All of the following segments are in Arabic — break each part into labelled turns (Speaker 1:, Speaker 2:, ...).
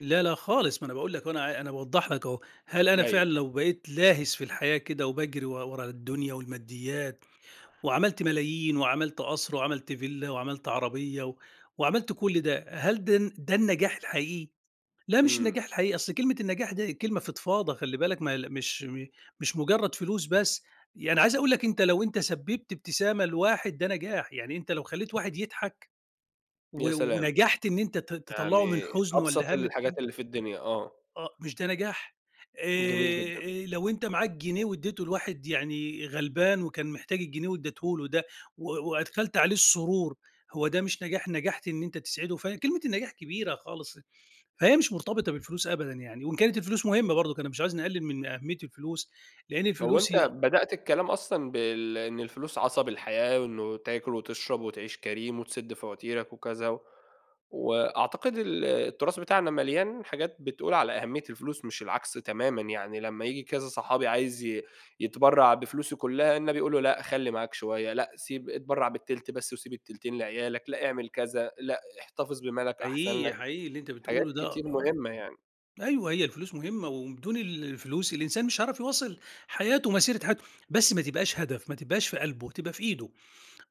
Speaker 1: لأ لأ خالص، ما أنا باقول لك أهو، أنا أنا باوضِّح لك أهو، هل أنا
Speaker 2: أيوه.
Speaker 1: فعلًا لو بقيت لاهِس في الحياة كده وباجري و ورا الدنيا والماديات، وعمِلت ملايين وعمِلت قصر، وعمِلت villa وعمِلت عربية وعمِلت كل ده، هل ده الن ده النجاح الحقيقي؟ لا، مش
Speaker 2: إمم.
Speaker 1: النجاح الحقيقي، أصل كلمة النجاح ده كلمة فضْفاضة، خلِّي بالك، مل مش م مش مجرَّد فلوس بس. يعني عايِز أقول لك أنتَ لو أنتَ سبَّبت ابتسامة لواحد ده نجاح، يعني أنتَ لو خلَّيت واحد يضحَك، و
Speaker 2: يا سلام.
Speaker 1: ونجَحت إن أنتَ ت تطلَّعه من
Speaker 2: يعني
Speaker 1: حزَن
Speaker 2: أبسط
Speaker 1: والّا هَمّ،
Speaker 2: الحاجات
Speaker 1: يمكن
Speaker 2: اللي في الدنيا، آه.
Speaker 1: آه، مش ده نجاح؟
Speaker 2: جميل
Speaker 1: آآ،
Speaker 2: جدًا.
Speaker 1: آآ، لو أنتَ معاك جنيه وادِّيته لواحد يعني غلبان وكان محتاج الجنيه وادِّيته له ده، و وأدخَلت عليه السرور، هو ده مش نجاح؟ نجَحت إن أنتَ تسعِده. فكلمة النجاح كبيرة خالص. فهي مش مرتبِطة بالفلوس أبدًا يعني، وإن كانت الفلوس مهمَّة برضه، أنا مش عايِز نقلِّل من أهمِّية الفلوس، لأن
Speaker 2: لو
Speaker 1: الفلوس
Speaker 2: أنتَ
Speaker 1: هي
Speaker 2: بدأت الكلام أصلًا بال إن الفلوس عَصَب الحياة، وإنه تاكُل وتشرَب وتعِيش كريم وتسُدّ فواتيرك وكذا، و وأعتقد ال التراث بتاعنا ملْيان حاجات بتقول على أهمِّية الفلوس مش العكس تمامًا. يعني لمّا ييجي كذا صَحَابي عايِز ي يتبرَّع بفلوسه كلها، النبي يقول له لأ، خلِّي معاك شوية، لأ سيب اتبرَّع ب التلت بس وسيب التلتين لعيالك، لأ اعمَل كذا، لأ احتفِظ بمالك، أحسَن
Speaker 1: حقيقي
Speaker 2: لك،
Speaker 1: حقيقي، اللي أنتَ
Speaker 2: حاجات
Speaker 1: بتقوله ده.
Speaker 2: كتير
Speaker 1: آ
Speaker 2: مهمَّة يعني.
Speaker 1: أيوه، هي الفلوس مهمَّة، وبدون ال الفلوس الإنسان مش هيعرَف يواصِل حياته، مسيرة حياته، بس ما تبقاش هدَف، ما تبقاش في قلبه، تبقى في إيده.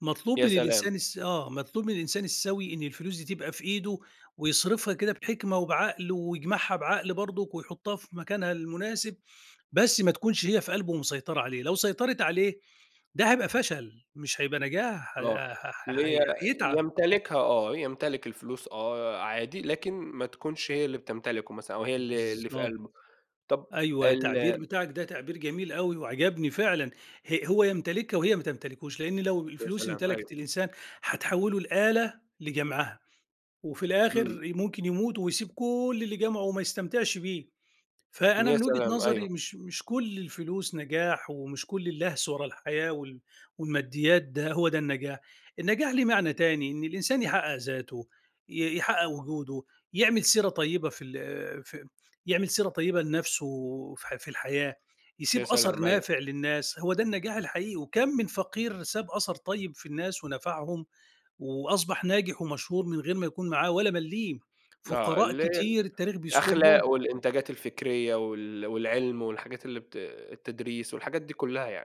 Speaker 1: مطلوب
Speaker 2: يا
Speaker 1: من
Speaker 2: سلام.
Speaker 1: الإنسان الس آه، مطلوب من الإنسان السوي إن الفلوس دي تبقى في إيده، ويصرَفها كده بحِكمة وبعقل، ويجمَعها بعقل برضه، ويحُطَّها في مكانها المناسِب. بس ما تكونش هي في قلبه ومسيطِرة عليه، لو سيطَرِت عليه ده هيبقى فشَل مش هيبقى نجاح، ه
Speaker 2: آه
Speaker 1: ه
Speaker 2: اللي
Speaker 1: ه
Speaker 2: هي
Speaker 1: هي هيتعَب.
Speaker 2: يمتلِكها، آه. يمتلِك الفلوس، آه عادي، لكن ما تكونش هي اللي بتمتلِكه، مثلًا أو هي اللي اللي في
Speaker 1: بالضبط،
Speaker 2: قلبه. طب
Speaker 1: أيوه،
Speaker 2: ال
Speaker 1: التعبير بتاعك ده تعبير جميل أوي وعجَبني فعلًا. ه هو يمتلِكها وهي ما تمتلِكوش، لإن لو
Speaker 2: يا
Speaker 1: الفلوس
Speaker 2: سلام،
Speaker 1: امتلَكِت
Speaker 2: أيوه.
Speaker 1: الإنسان هتحوِّله لآلة لجَمعها، وفي
Speaker 2: إمم.
Speaker 1: الآخِر ممكن يمُوت ويسيب كل اللي جمَعه وما يستمتِعش بيه. فأنا
Speaker 2: يا
Speaker 1: من وجهة
Speaker 2: سلام،
Speaker 1: نظري،
Speaker 2: أيوه.
Speaker 1: مش مش كل الفلوس نجاح، ومش كل اللَهْس ورا الحياة وال والماديات ده هو ده النجاح، النجاح ليه معنى تاني، إن الإنسان يحقِّق ذاته، ي يحقِّق وجوده، يعمَل سيرة طيِّبة في ال في يعمَل سيرة طيِّبة لنَفْسه في في الحياة،
Speaker 2: يا
Speaker 1: يسيب أثَر
Speaker 2: سلام، أيوه.
Speaker 1: نافِع للناس، هو ده النجاح الحقيقي. وكام من فقير ساب أثَر طيِّب في الناس ونفَعهم، وأصبَح ناجِح ومشهور من غير ما يكون معاه ولا مليم،
Speaker 2: آه،
Speaker 1: فقراء
Speaker 2: ال
Speaker 1: كتير التاريخ بيذكُرهم.
Speaker 2: الأخلاق والإنتاجات الفكرية وال والعلم والحاجات اللي بت التدريس والحاجات دي كلها يعني.